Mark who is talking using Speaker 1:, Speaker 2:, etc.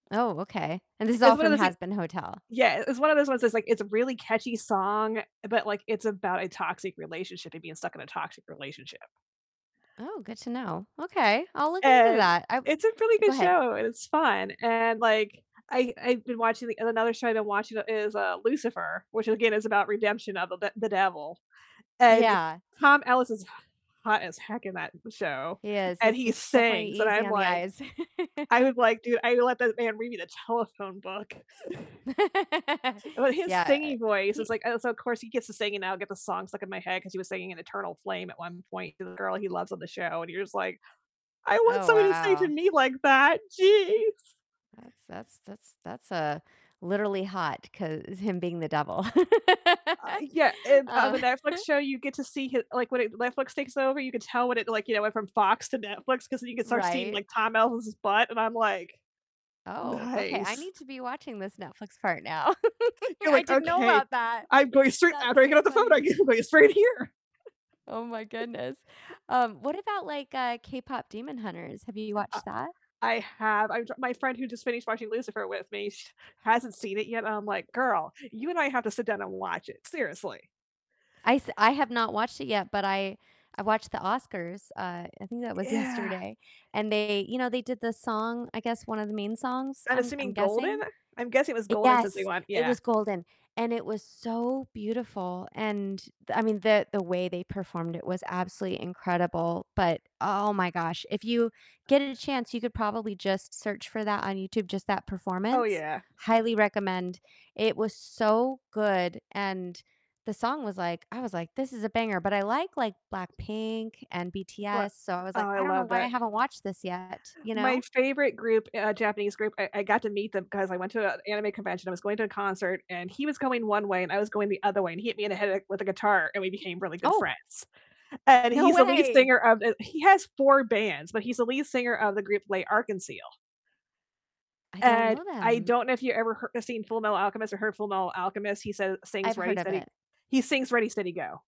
Speaker 1: Oh, okay, and this is all
Speaker 2: It's one of
Speaker 1: from
Speaker 2: those thi
Speaker 1: "Hazbin Hotel?"
Speaker 2: yeah, it's one of those ones that's, like, it's a really catchy song, but, like, it's about a toxic relationship and being stuck in a toxic relationship.
Speaker 1: Oh, good to know. Okay, I'll look into
Speaker 2: And
Speaker 1: that. I
Speaker 2: it's a really
Speaker 1: go
Speaker 2: good
Speaker 1: ahead.
Speaker 2: show, and it's fun, and, like, I I've been watching and another show I've been watching is, uh, Lucifer, which again is about redemption of the d the devil. And
Speaker 1: Yeah.
Speaker 2: Tom Ellis is h hot as heck in that show,
Speaker 1: He is,
Speaker 2: and
Speaker 1: he's
Speaker 2: he
Speaker 1: he's definitely
Speaker 2: sings, and
Speaker 1: easy
Speaker 2: I'm
Speaker 1: on the
Speaker 2: like,
Speaker 1: eyes.
Speaker 2: "I would like to I would let that man read me the telephone book." But his
Speaker 1: Yeah,
Speaker 2: singing voice is
Speaker 1: he
Speaker 2: like, "Oh, so of course he gets to sing, and now I'll get the song stuck in my head," 'cause he was singing an Eternal Flame at one point to the girl he loves on the show, and you're just like, "I want
Speaker 1: Oh,
Speaker 2: somebody to sing to
Speaker 1: wow.
Speaker 2: me like that, geez."
Speaker 1: That's that's that's that's, uh, literally hot 'cause him being the devil.
Speaker 2: Uh, yeah, and on the
Speaker 1: Um
Speaker 2: Netflix show you get to see hi like, when it, Netflix takes over, you can tell when it, like, you know, went from Fox to Netflix 'cause then you can start seeing,
Speaker 1: Right.
Speaker 2: like, Tom Ellis's butt, and I'm like,
Speaker 1: Oh, okay. I
Speaker 2: "Nice."
Speaker 1: need to be watching this Netflix part now.
Speaker 2: You're
Speaker 1: I
Speaker 2: like,
Speaker 1: didn't know
Speaker 2: "Okay,
Speaker 1: about that.
Speaker 2: I'm going straight
Speaker 1: That's
Speaker 2: after I get
Speaker 1: so
Speaker 2: off the phone, I'm
Speaker 1: funny.
Speaker 2: go gonna go straight here."
Speaker 1: Oh my goodness. Um, what about, like, uh, K-Pop Demon Hunters? Have you
Speaker 2: Uh,
Speaker 1: watched that?
Speaker 2: I have I'm tr my friend who just finished watching Lucifer with me, sh hasn't seen it yet, and I'm like, "Girl, you and I have to sit down and watch it, seriously."
Speaker 1: I s I have not watched it yet, but I I watched the Oscars, uh, I think that was
Speaker 2: Yeah.
Speaker 1: yesterday, and they you know, they did the song, I guess one of the main songs,
Speaker 2: I'm
Speaker 1: I'm I'm
Speaker 2: assuming Golden?
Speaker 1: guessing.
Speaker 2: I'm guessing it was Golden since we
Speaker 1: Yes,
Speaker 2: went
Speaker 1: it
Speaker 2: yeah.
Speaker 1: was Golden, and it was so beautiful, and I mean, the the way they performed it was absolutely incredible, but, oh my gosh, if you get a chance, you could probably just search for that on YouTube, just that
Speaker 2: Oh,
Speaker 1: performance.
Speaker 2: yeah.
Speaker 1: Highly recommend. It was so good, and the song was, like I was like, "This is a banger." But I like like Blackpink and BTS,
Speaker 2: But
Speaker 1: so I was
Speaker 2: oh,
Speaker 1: like,
Speaker 2: I
Speaker 1: "I don't know
Speaker 2: love
Speaker 1: why I
Speaker 2: that.
Speaker 1: haven't watched this yet," you know?
Speaker 2: My favorite group uh, Japanese group, I I got to meet them 'cause I went to a anime convention. I was going to a concert, and he was going one way, and I was going the other way, and he hit me in the head, like, with a guitar, and we became really good
Speaker 1: Oh.
Speaker 2: friends. And
Speaker 1: No
Speaker 2: he's the lead
Speaker 1: way.
Speaker 2: singer of, uh he has 4 bands, but he's the lead singer of the group L'Arc-en-Ciel.
Speaker 1: I don't
Speaker 2: And
Speaker 1: know
Speaker 2: I
Speaker 1: them.
Speaker 2: don't know if you ever h seen Fullmetal Alchemist or heard Fullmetal Alchemist. He says
Speaker 1: I've
Speaker 2: sings
Speaker 1: heard
Speaker 2: Ready
Speaker 1: of
Speaker 2: Steady
Speaker 1: it.
Speaker 2: he sings "Ready Steady Go!"